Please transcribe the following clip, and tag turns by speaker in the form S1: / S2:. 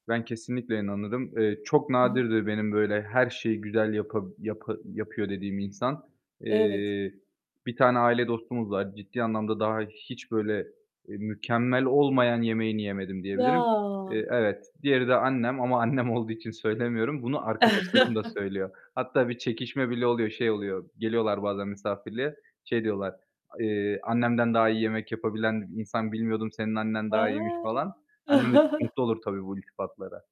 S1: Ben kesinlikle inanırım. Eee, çok
S2: Hı hı.
S1: nadirdir benim böyle her şeyi güzel yapa yapa yapıyor dediğim insan.
S2: Evet.
S1: Eee, bir tane aile dostumuz var. Ciddi anlamda daha hiç böyle, eee, mükemmel olmayan yemeğini yemedim, diyebilirim.
S2: Ya.
S1: Eee, evet. Diğeri de annem. Ama annem olduğu için söylemiyorum. Bunu arkadaşlarım da söylüyor. Hatta bir çekişme bile oluyor. Şey oluyor; geliyorlar bazen misafirliğe, şey diyorlar; eee, "Annemden daha iyi yemek yapabilen insan bilmiyordum, senin annen daha iyiymiş."
S2: A.
S1: falan. Annem de çok mutlu olur tabii bu iltifatlara.